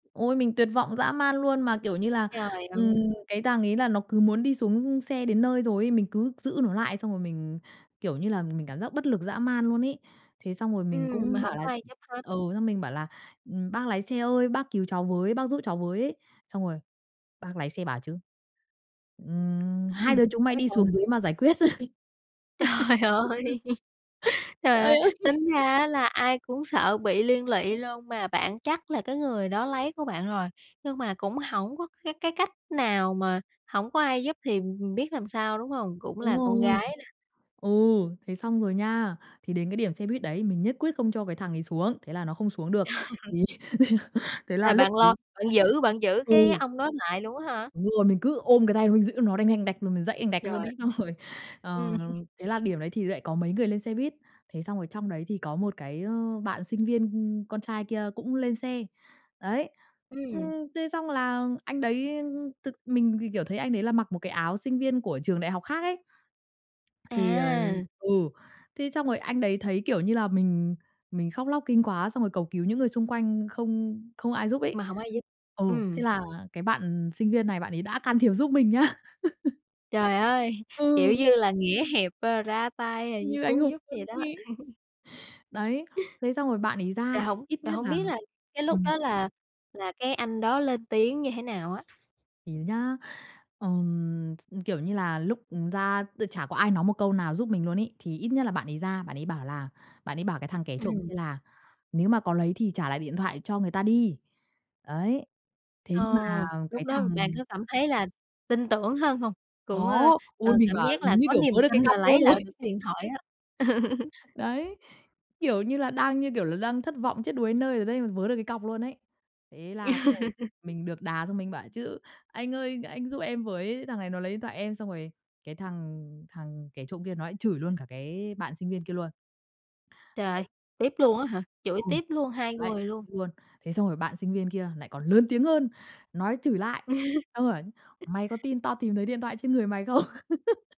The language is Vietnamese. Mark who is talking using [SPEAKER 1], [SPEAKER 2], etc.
[SPEAKER 1] Ôi, mình tuyệt vọng dã man luôn mà, kiểu như là,
[SPEAKER 2] Trời
[SPEAKER 1] ừm,
[SPEAKER 2] ơi!
[SPEAKER 1] cái thằng ấy là nó cứ muốn đi xuống xe đến nơi rồi ấy, mình cứ giữ nó lại xong rồi mình, kiểu như là, mình cảm giác bất lực dã man luôn ấy. Thế xong rồi mình
[SPEAKER 2] Ừm, mà
[SPEAKER 1] cũng bảo
[SPEAKER 2] hổng
[SPEAKER 1] là
[SPEAKER 2] có ai giúp hết.
[SPEAKER 1] ừ, xong mình bảo là, ừm, "Bác lái xe ơi, bác cứu cháu với, bác giúp cháu với" ấy, xong rồi bác lái xe bảo chứ, ừm,
[SPEAKER 2] Ừm,
[SPEAKER 1] "Hai đứa chúng mày
[SPEAKER 2] nói
[SPEAKER 1] đi
[SPEAKER 2] sao nè?
[SPEAKER 1] xuống dưới mà giải quyết."
[SPEAKER 2] Trời ơi, trời ơi!
[SPEAKER 1] Trời ơi!
[SPEAKER 2] Tính ra á là ai cũng sợ bị liên lụy luôn, mà bạn chắc là cái người đó lấy của bạn rồi, nhưng mà cũng hổng có cái cái cách nào mà hổng có ai giúp thì, ừm, ừm, biết làm sao, đúng hông? Cũng
[SPEAKER 1] Đúng
[SPEAKER 2] là con
[SPEAKER 1] rồi,
[SPEAKER 2] gái nà.
[SPEAKER 1] ừ, thế xong rồi nha. Thì đến cái điểm xe buýt đấy mình nhất quyết không cho cái thằng ấy xuống, thế là nó không xuống được. Vì thế
[SPEAKER 2] Là
[SPEAKER 1] là lúc
[SPEAKER 2] bạn lo,
[SPEAKER 1] ấy
[SPEAKER 2] bạn giữ bạn giữ cái
[SPEAKER 1] Ừ.
[SPEAKER 2] ông đó lại luôn á hả?
[SPEAKER 1] Đúng rồi, mình cứ ôm cái tay nó, mình giữ nó đành đành đạch, rồi mình giãy đành đạch luôn
[SPEAKER 2] Trời.
[SPEAKER 1] ấy. Xong rồi,
[SPEAKER 2] Ừm.
[SPEAKER 1] ờ, thế là điểm đấy thì lại có mấy người lên xe buýt. Thế xong rồi trong đấy thì có một cái, ơ, bạn sinh viên con trai kia cũng lên xe, đấy. Ừm,
[SPEAKER 2] Ừm.
[SPEAKER 1] thế xong là anh đấy, ưm, ưm, thực mình thì, kiểu, thấy anh đấy là mặc một cái áo sinh viên của trường đại học khác ấy. Thì, ờ
[SPEAKER 2] À!
[SPEAKER 1] ừ, thế xong rồi anh đấy thấy, kiểu như là, mình mình khóc lóc kinh quá xong rồi cầu cứu những người xung quanh không không ai giúp ấy.
[SPEAKER 2] Mà hổng ai giúp.
[SPEAKER 1] Ừ, thế
[SPEAKER 2] Ừm.
[SPEAKER 1] là cái bạn sinh viên này bạn ấy đã can thiệp giúp mình nha.
[SPEAKER 2] Trời ơi! Kiểu
[SPEAKER 1] Ừ.
[SPEAKER 2] như là, nghĩa hiệp, ơ, ra tay rồi như
[SPEAKER 1] Như anh
[SPEAKER 2] cứu
[SPEAKER 1] hùng
[SPEAKER 2] giúp
[SPEAKER 1] luôn
[SPEAKER 2] vậy đó.
[SPEAKER 1] ấy. Đấy, thế xong rồi bạn ấy ra,
[SPEAKER 2] Rồi hổng
[SPEAKER 1] ít
[SPEAKER 2] rồi
[SPEAKER 1] nhất
[SPEAKER 2] hông
[SPEAKER 1] là
[SPEAKER 2] biết là cái lúc
[SPEAKER 1] ừm.
[SPEAKER 2] đó là là cái anh đó lên tiếng như thế nào á?
[SPEAKER 1] Thì nhá, ừm, kiểu như là, lúc, ừm, ra tự chả có ai nói một câu nào giúp mình luôn ấy, thì ít nhất là bạn ấy ra, bạn ấy bảo là bạn ấy bảo cái thằng kẻ trộm
[SPEAKER 2] Ừm.
[SPEAKER 1] kia là "Nếu mà có lấy thì trả lại điện thoại cho người ta đi." Đấy, thế
[SPEAKER 2] Ờ,
[SPEAKER 1] nhưng mà
[SPEAKER 2] lúc
[SPEAKER 1] cái
[SPEAKER 2] đó bạn
[SPEAKER 1] thằng
[SPEAKER 2] có cảm thấy là tin tưởng hơn hông? Cũng, ơ,
[SPEAKER 1] Có, ôi,
[SPEAKER 2] ờ,
[SPEAKER 1] mình
[SPEAKER 2] cảm
[SPEAKER 1] bảo
[SPEAKER 2] giác là
[SPEAKER 1] mình như,
[SPEAKER 2] có
[SPEAKER 1] kiểu,
[SPEAKER 2] niềm
[SPEAKER 1] vớ được cái
[SPEAKER 2] tin là
[SPEAKER 1] cọc luôn
[SPEAKER 2] lấy lại
[SPEAKER 1] rồi.
[SPEAKER 2] được cái điện thoại á.
[SPEAKER 1] Đấy, kiểu như là, đang, như kiểu là, đang thất vọng chết đuối đến nơi rồi đấy mà vớ được cái cọc luôn ấy. Thế là xong rồi mình được đà xong mình bảo chứ "Anh ơi, anh giúp em với, thằng này nó lấy điện thoại em," xong rồi cái thằng thằng kẻ trộm kia nó lại chửi luôn cả cái bạn sinh viên kia luôn.
[SPEAKER 2] Trời ơi,
[SPEAKER 1] Đấy,
[SPEAKER 2] tiếp
[SPEAKER 1] [unintelligible]
[SPEAKER 2] luôn á hả? Chửi
[SPEAKER 1] ừm,
[SPEAKER 2] tiếp luôn, hai
[SPEAKER 1] lại
[SPEAKER 2] người
[SPEAKER 1] chửi
[SPEAKER 2] luôn.
[SPEAKER 1] luôn. Thế xong rồi bạn sinh viên kia lại còn lớn tiếng hơn, nói chửi lại, xong bảo "Mày có tin tao tìm thấy điện thoại trên người mày không?"